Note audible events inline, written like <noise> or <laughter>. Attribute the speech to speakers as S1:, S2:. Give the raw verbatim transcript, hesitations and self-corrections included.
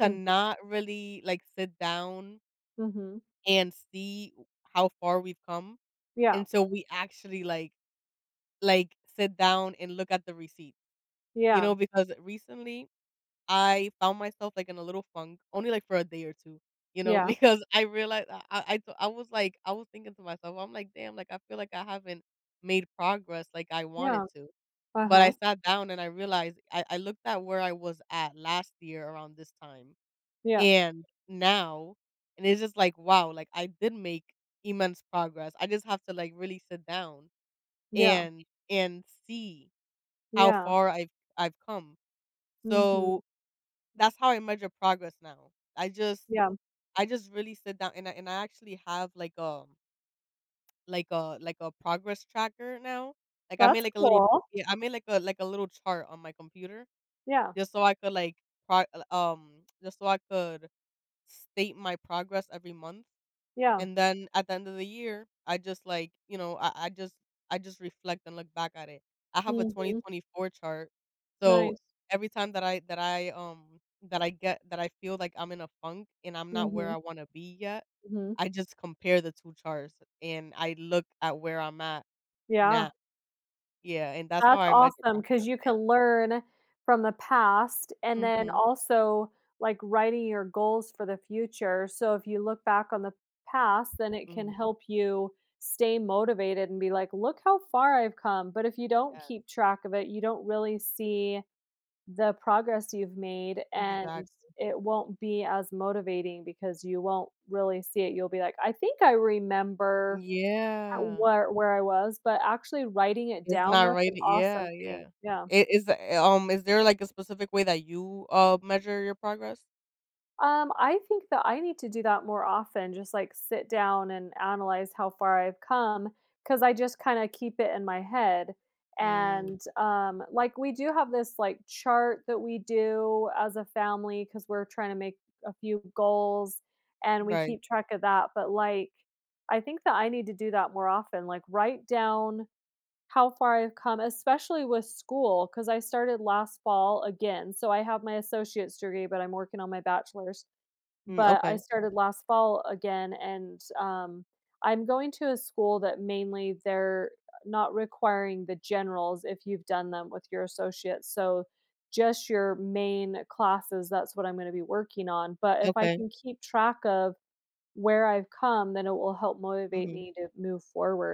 S1: To
S2: <unintelligible>
S1: not really, like, sit down
S2: Mhm.
S1: and see w how far we've come.
S2: Yeah.
S1: And so, we actually, like like, sit down and look at the receipt. You
S2: Yeah.
S1: know, because, recently, I found myself, like, in a little funk, only like for a day or two, you know,
S2: Yeah.
S1: because I realize I I I so, I was like I was thinking to myself, I'm like, "Damn," like, "I feel like I haven't made progress like I wanted
S2: Yeah.
S1: to." But, I
S2: Uh-huh.
S1: sat down and I realized I I looked at where I was at last year around this time
S2: Yeah.
S1: and now, and it's just like, "Wow, like, I did make immense progress." I just have to, like, really sit down
S2: Yeah.
S1: and and see how
S2: Yeah.
S1: far I've I've come.
S2: Mhm.
S1: So, that's how I measure progress now. I just
S2: Yeah.
S1: I just really sit down and I and I, actually, have, like, a like a like a progress tracker now. Like, I made,
S2: That's
S1: like, a little
S2: cool.
S1: Yeah, I made, like a like a little chart on my computer.
S2: Yeah.
S1: Just so I could, like, pro l um, just so I could state my progress every month.
S2: Yeah.
S1: And then, at the end of the year, I just, like, you know I I just I just reflect and look back at it. I have a twenty
S2: Mhm.
S1: twenty four chart, so
S2: Nice.
S1: every time that I that I, um that I get that I feel like I'm in a funk and I'm not where
S2: Mhm.
S1: I wanna be yet,
S2: Mhm.
S1: I just compare the two charts and I look at where I'm at now.
S2: Yeah.
S1: Yeah, and that's how
S2: That's
S1: I measure
S2: awesome, 'cause
S1: progress,
S2: you can
S1: yeah.
S2: learn from the past and then,
S1: Mhm.
S2: also, like, writing your goals for the future, so if you look back on the past, then it can
S1: Mhm.
S2: help you stay motivated and be like, "Look how far I've come." But, if you don't
S1: Yeah.
S2: keep track of it, you don't really see the progress you've made and
S1: Exactly.
S2: it won't be as motivating because you won't really see it, you'll be like, "I think I remember how
S1: Yeah.
S2: wher where I was," but actually writing it
S1: It's
S2: down,
S1: not
S2: that's
S1: right
S2: an
S1: it yeah,
S2: awesome thing,
S1: yeah.
S2: yeah.
S1: It is it eh um, is there, like, a specific way that you, uh, measure your progress?
S2: Um, I think that I need to do that more often, just, like, sit down and analyze how far I've come, 'cause I just kinda keep it in my head.
S1: Mm.
S2: And, um, like, we do have this, like, chart that we do as a family, 'cause we're trying to make a few goals and we
S1: Right.
S2: keep track of that, but, like, I think that I need to do that more often, like write down how far I've come, especially with school, 'cause I started last fall, again. So, I have my associate's degree, but I'm working on my bachelor's.
S1: Mm,
S2: But, I
S1: okay.
S2: started last fall again and, um, I'm going to a school that, mainly, they're not requiring the generals if you've done them with your associate's, so just your main classes, that's what I'm gonna be working on, but if I
S1: Okay.
S2: can keep track of where I've come, then it will help motivate
S1: Mhm.
S2: me to move forward.